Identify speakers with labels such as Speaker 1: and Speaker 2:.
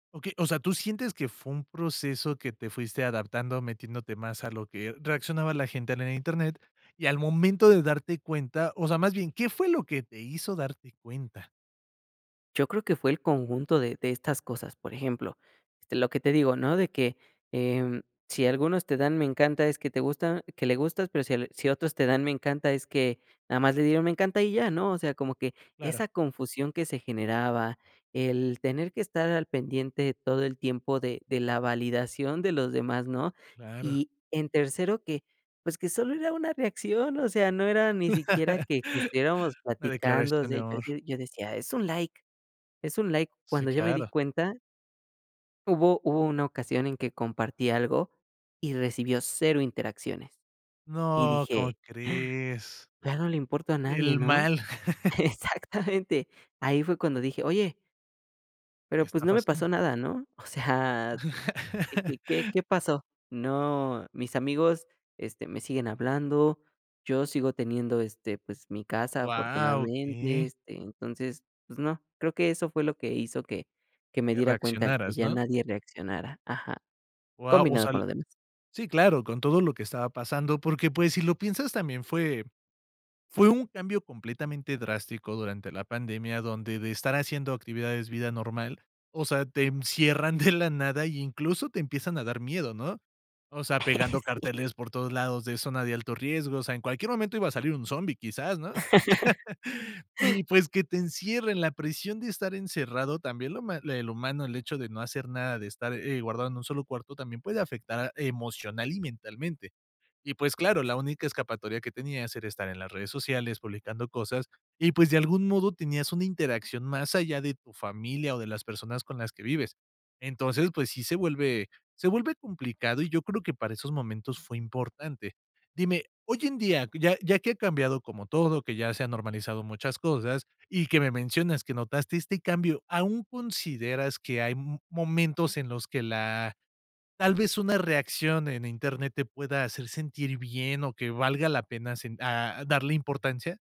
Speaker 1: Okey. O sea, tú sientes que fue un proceso que te fuiste adaptando, metiéndote más a lo que reaccionaba la gente en el Internet, y, al momento de darte cuenta, o sea, más bien, ¿qué fue lo que te hizo darte cuenta?
Speaker 2: Yo creo que fue el conjunto de de estas cosas. Por ejemplo, lo que te digo, ¿no?, de que, em, si algunos te dan me encanta es que te gusta que le gustas, pero si l si otros te dan me encanta es que nada más le dieron me encanta y ya, ¿no? O sea, como que
Speaker 1: Claro.
Speaker 2: esa confusión que se generaba, el tener que estar al pendiente todo el tiempo de de la validación de los demás, ¿no?
Speaker 1: Claro.
Speaker 2: Y, en tercero, que, pues, que solo era una reacción, o sea, no era ni siquiera que que estuviéramos
Speaker 1: La
Speaker 2: platicando. O
Speaker 1: declaración
Speaker 2: sea,
Speaker 1: de
Speaker 2: yo
Speaker 1: amor.
Speaker 2: decio yo decía: "Es un like, es un like".
Speaker 1: Sí,
Speaker 2: Cuando yo me di
Speaker 1: claro.
Speaker 2: cuenta hubo hubo una ocasión en que compartí algo y recibió 0 interacciones y
Speaker 1: No, ¿cómo
Speaker 2: dije:
Speaker 1: crees?
Speaker 2: "Ya no le importo a nadie",
Speaker 1: El
Speaker 2: ¿no?
Speaker 1: mal.
Speaker 2: Exactamente, ahí fue cuando dije: "oye" Pero,
Speaker 1: ¿Qué
Speaker 2: pues,
Speaker 1: está
Speaker 2: no me
Speaker 1: pasando?
Speaker 2: pasó nada, ¿no? O sea, ¿qué qué qué qué pasó? No, mis amigos, este, me siguen hablando, yo sigo teniendo, este, pues mi casa,
Speaker 1: ¡Guau!
Speaker 2: afortunadamente,
Speaker 1: Okey.
Speaker 2: este, entonces, pues no. Creo que eso fue lo que hizo que que me
Speaker 1: Que
Speaker 2: diera cuenta al que
Speaker 1: reaccionaras,
Speaker 2: ya
Speaker 1: ¿no?
Speaker 2: nadie reaccionara ajá,
Speaker 1: Guau, o
Speaker 2: combinado
Speaker 1: sea
Speaker 2: con
Speaker 1: el
Speaker 2: lo demás.
Speaker 1: sí, claro, con todo lo que estaba pasando, porque, pues, si lo piensas, también fue fue un cambio completamente drástico durante la pandemia, donde de estar haciendo actividades vida normal. O sea, te encierran de la nada y incluso te empiezan a dar miedo, ¿no? O sea, pegando
Speaker 2: Sí.
Speaker 1: carteles por todos lados de zona de alto riesgo. O sea, en cualquier momento iba a salir un zombie, quizás, ¿no? Y, pues, que te encierren, la presión de estar encerrado, también lo ma el humano, el hecho de no hacer nada, de estar, eh, guardado en un solo cuarto, también puede afectar emocional y mentalmente. Y, pues, claro, la
Speaker 2: Exac
Speaker 1: única escapatoria que tenías era estar en las redes sociales publicando cosas y, pues, de algún modo tenías una interacción más allá de tu familia o de las personas con las que vives. Entonces, pues, sí se vuelve, se vuelve complicado y yo creo que para esos momentos fue importante. Dime, hoy en día, ya ya que ha cambiado como todo, que ya se han normalizado muchas cosas y que me mencionas que notaste este cambio, ¿aún consideras que hay, m momentos en los que la tal vez una reacción en Internet te pueda hacer sentir bien o que valga la pena sen a darle importancia?